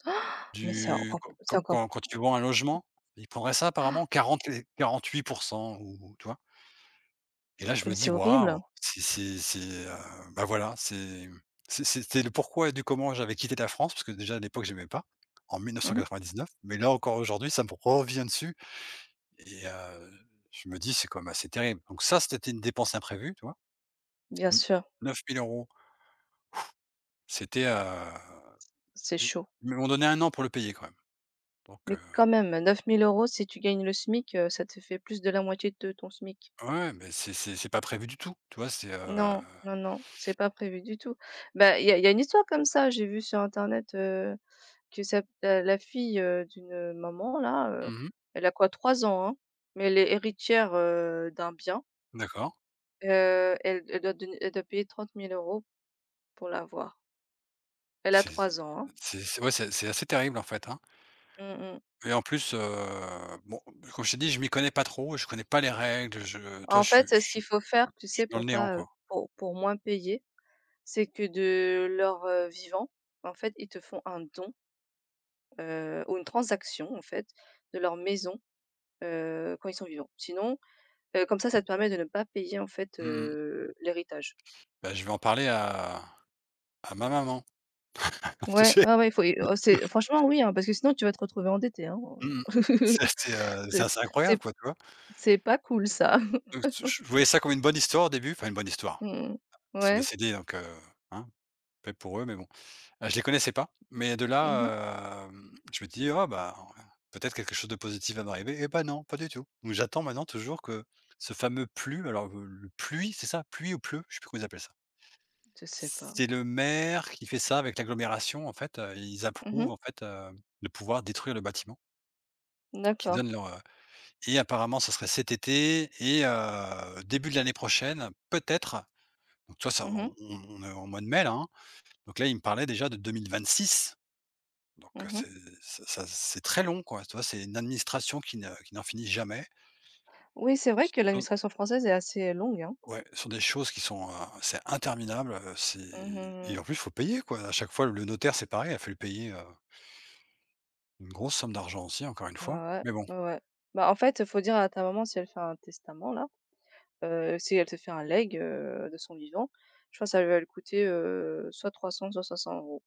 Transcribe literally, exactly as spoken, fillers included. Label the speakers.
Speaker 1: Mais, c'est
Speaker 2: Du
Speaker 1: encore
Speaker 2: quand
Speaker 1: c'est
Speaker 2: quand
Speaker 1: encore p
Speaker 2: quand quand tu vends un logement, ils prendraient ça,
Speaker 1: c
Speaker 2: apparemment quarante, et quarante-huit pour cent ou, tu vois? Et là, je
Speaker 1: Mais,
Speaker 2: me
Speaker 1: c'est
Speaker 2: dis: «Waouh».
Speaker 1: horrible.
Speaker 2: C'est c'est c'est, heu, ben, voilà, c'est, mmh, c'est c'est c'est le pourquoi du comment, j'avais quitté la France parce que déjà à l'époque, j'aimais pas, en mille neuf cents
Speaker 1: Mmh mh.
Speaker 2: quatre-vingt-dix-neuf. Mais là, encore aujourd'hui, ça me revient dessus et, heu, je me dis: «C'est quand même assez terrible». Donc ça, c'était une dépense imprévue, tu vois.
Speaker 1: Bien
Speaker 2: N
Speaker 1: sûr.
Speaker 2: neuf mille euros. C'était, heu,
Speaker 1: C'est
Speaker 2: ils
Speaker 1: chaud.
Speaker 2: ils m'ont donné un an pour le payer quand même, donc, heu.
Speaker 1: Mais, quand même neuf mille euros si tu gagnes le SMIC, heu, ça te fait plus de la moitié de ton SMIC.
Speaker 2: Ouais, ouais, mais c'est c'est c'est pas prévu du tout. Tu vois, c'est, heu.
Speaker 1: Non, non, non, c'est pas prévu du tout. Bah, il y a il y a une histoire comme ça, j'ai vu sur internet, heu, que sa t heu, la fille, heu, d'une, heu, maman là,
Speaker 2: Mmh
Speaker 1: heu,
Speaker 2: mh.
Speaker 1: elle a quoi? trois ans, hein, mais elle est héritière, heu, d'un bien.
Speaker 2: D'accord.
Speaker 1: Heu, elle elle doit donner elle doit payer trente mille euros pour l'avoir. Elle a
Speaker 2: C'est
Speaker 1: trois ans, hein.
Speaker 2: c'est c'est ouais, c'est c'est assez terrible, en fait, hein?
Speaker 1: Mmh mh.
Speaker 2: Et en plus, heu, bon, comme je t'ai dit, je m'y connais pas trop, je connais pas les règles, je tu vois,
Speaker 1: En
Speaker 2: je suis
Speaker 1: fait,
Speaker 2: je
Speaker 1: heu, ce qu'il
Speaker 2: suis
Speaker 1: faut faire, tu
Speaker 2: je suis
Speaker 1: sais,
Speaker 2: dans le
Speaker 1: pour
Speaker 2: néant,
Speaker 1: pas, heu,
Speaker 2: quoi.
Speaker 1: pour pour moins payer, c'est que de leur, heu, vivant, en fait, ils te font un don, heu, ou une transaction, en fait, de leur maison, heu, quand ils sont vivants. Sinon, heu, comme ça, ça te permet de ne pas payer en fait,
Speaker 2: Mmh mh.
Speaker 1: heu, l'héritage.
Speaker 2: Bah, je vais en parler à à ma maman. Tu
Speaker 1: Ouais,
Speaker 2: sais.
Speaker 1: ouais, ouais. Il faut y au c'est franchement, oui, hein, parce que sinon tu vas te retrouver endetté, hein,
Speaker 2: Mmh mh.
Speaker 1: heu,
Speaker 2: Ça, c'était, heu, c'est
Speaker 1: c'est c
Speaker 2: assez
Speaker 1: c'est
Speaker 2: incroyable,
Speaker 1: p
Speaker 2: quoi, tu vois?
Speaker 1: c'est pas cool ça.
Speaker 2: Donc, t j je voyais ça comme une bonne histoire au début, enfin une bonne histoire.
Speaker 1: Mmh.
Speaker 2: Ils sont
Speaker 1: Ouais.
Speaker 2: décédés, donc, heu, hein, paix pour eux, mais bon, heu, je les connaissais pas. Mais de
Speaker 1: Mmh mh.
Speaker 2: là, hem, je m'était dit: «Oh ben, peut-être quelque chose de positif va m'arriver». Eh bah, non, pas du tout. J'attends maintenant toujours que ce fameux PLU, alors le le PLUI, c'est ça? PLUI ou PLU, je sais plus comment ils appellent ça.
Speaker 1: Je sais pas.
Speaker 2: C'est le maire qui fait ça avec l'agglomération. En fait, heu, ils
Speaker 1: Mmh mh.
Speaker 2: approuvent en fait, heu, de pouvoir détruire le bâtiment.
Speaker 1: Mmh
Speaker 2: Qu'ils
Speaker 1: d'accord.
Speaker 2: donnent leur, heu et apparemment, ce serait cet été et heu, début de l'année prochaine, peut-être. Donc tu vois, ça
Speaker 1: Mmh mh.
Speaker 2: on on on est au mois de mai là, hein? Donc là, ils me parlaient déjà de deux mille vingt-six. Donc heu,
Speaker 1: Mmh mh.
Speaker 2: c'est c'est ça c'est très long, quoi. Tu vois, c'est une administration qui ne qui n'en finit jamais.
Speaker 1: Oui c'est vrai
Speaker 2: C
Speaker 1: que
Speaker 2: [unintelligible]
Speaker 1: l'administration française est assez longue, hein?
Speaker 2: Ouais, ce sont des choses qui sont, heu, c'est interminable, heu. C'est
Speaker 1: Mmh, mmh,
Speaker 2: et
Speaker 1: mmh.
Speaker 2: en plus, faut payer quoi. À chaque fois, le notaire, c'est pareil, il a fallu payer, heu une grosse somme d'argent aussi encore une fois.
Speaker 1: Ouais,
Speaker 2: Mais bon.
Speaker 1: ouais. Bah, en fait, il faut dire à ta maman si elle fait un testament là, heu, si elle te fait un leg, heu, de son vivant, je crois ça l va lui coûter, heu, soit trois cents, soit cinq cents euros.